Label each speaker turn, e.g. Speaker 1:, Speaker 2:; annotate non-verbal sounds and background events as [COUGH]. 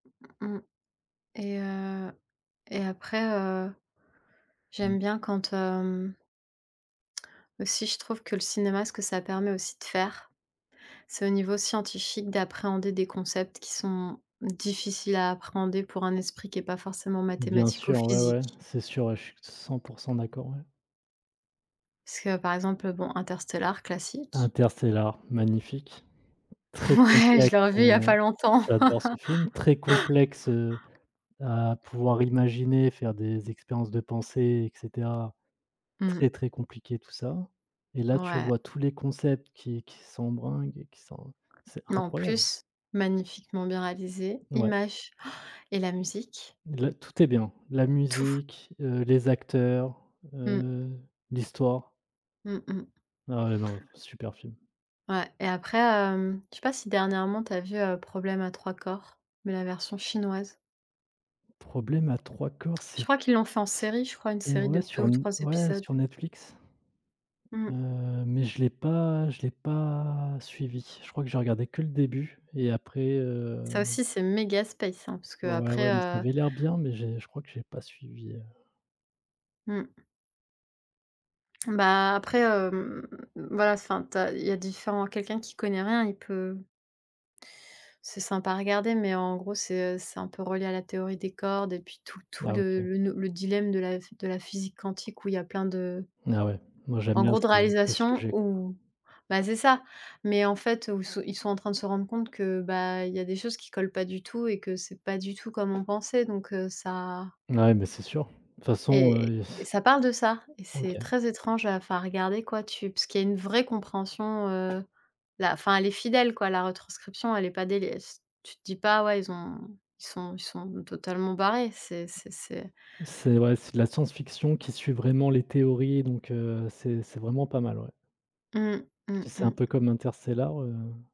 Speaker 1: Mmh mh et heu et après, heu,
Speaker 2: Mmh.
Speaker 1: j'aime bien quand, hem aussi je trouve que le cinéma, ce que ça permet aussi de faire, c'est au niveau scientifique, d'appréhender des concepts qui sont difficiles à appréhender pour un esprit qui est pas forcément
Speaker 2: Bien
Speaker 1: mathématique ou
Speaker 2: sûr, ouais, ouais,
Speaker 1: physique
Speaker 2: c'est sûr, je suis 100 % d'accord, ouais.
Speaker 1: parce que, par exemple, bon, Interstellar, classique.
Speaker 2: Interstellar, magnifique, très
Speaker 1: Ouais! Je
Speaker 2: complexe,
Speaker 1: l'ai revu, il y a pas
Speaker 2: heu,
Speaker 1: longtemps.
Speaker 2: j'adore ce film, très complexe, heu,
Speaker 1: [LAUGHS]
Speaker 2: à pouvoir imaginer, faire des expériences de pensées et cetera, très,
Speaker 1: Mmh.
Speaker 2: très compliqué tout ça, et là, tu
Speaker 1: Ouais.
Speaker 2: vois tous les concepts qui qui sont bringues et qui sont c'est
Speaker 1: En
Speaker 2: incroyable!
Speaker 1: plus magnifiquement bien réalisé,
Speaker 2: Ouais.
Speaker 1: image [GASPS] et la musique.
Speaker 2: La tout est bien. La
Speaker 1: Tout.
Speaker 2: musique, heu, les acteurs,
Speaker 1: Mmh.
Speaker 2: heu, l'histoire.
Speaker 1: Mmh mh.
Speaker 2: Ah non, super film!
Speaker 1: Ouais et après, hem, je sais pas si dernièrement tu as vu, heu, Problème à Trois Corps? Mais la version chinoise.
Speaker 2: Problème à Trois Corps,
Speaker 1: Je
Speaker 2: c'est
Speaker 1: crois qu'ils l'ont fait en série, je crois une
Speaker 2: c'était
Speaker 1: série de
Speaker 2: ouais,
Speaker 1: 2
Speaker 2: sur
Speaker 1: ou 3
Speaker 2: ouais,
Speaker 1: épisodes.
Speaker 2: sur Netflix,
Speaker 1: Mmh.
Speaker 2: heu, mais je l'ai pas je l'ai pas suivi. Je crois que j'ai regardé que le début et après, heu
Speaker 1: Ça aussi, c'est méga space, hein, parce que
Speaker 2: Ouais, ouais,
Speaker 1: après,
Speaker 2: ouais mais ça
Speaker 1: heu
Speaker 2: avait l'air bien mais j'ai je crois que j'ai pas suivi, heu
Speaker 1: Mmh. Bah, après, hem, voilà, enfin, tu as il y a différent quelqu'un qui connaît rien, il peut c'est sympa à regarder mais, en gros, c'est, heu, c'est un peu relié à la théorie des cordes et puis tout tout
Speaker 2: Ah
Speaker 1: le
Speaker 2: OK.
Speaker 1: le le dilemme de la de la physique quantique où il y a plein de
Speaker 2: Ah ouais, moi, j'aime
Speaker 1: en
Speaker 2: bien
Speaker 1: gros, de
Speaker 2: ce ce
Speaker 1: réalisation
Speaker 2: sujet.
Speaker 1: ou, ben c'est ça mais, en fait, où ils sont en train de se rendre compte que, bah, il y a des choses qui collent pas du tout et que c'est pas du tout comme on pensait, donc heu, ça
Speaker 2: Ouais, mais c'est sûr, de toute façon,
Speaker 1: et
Speaker 2: heu [BLOWS AIR]
Speaker 1: ça parle de ça et c'est
Speaker 2: OK.
Speaker 1: très étrange à enfin, regarder, quoi, tu puis qu'il y a une vraie compréhension, heu, la enfin, elle est fidèle, quoi, la retranscription, elle est pas dégueulasse, tu te dis pas: «Ouais, ils ont ils sont ils sont totalement barrés!», c'est c'est c'est
Speaker 2: C'est ouais, c'est de la science-fiction qui suit vraiment les théories, donc heu, c'est c'est vraiment pas mal, ouais
Speaker 1: Mmh. Mmh
Speaker 2: si c'est un peu
Speaker 1: mh.
Speaker 2: comme Interstellar.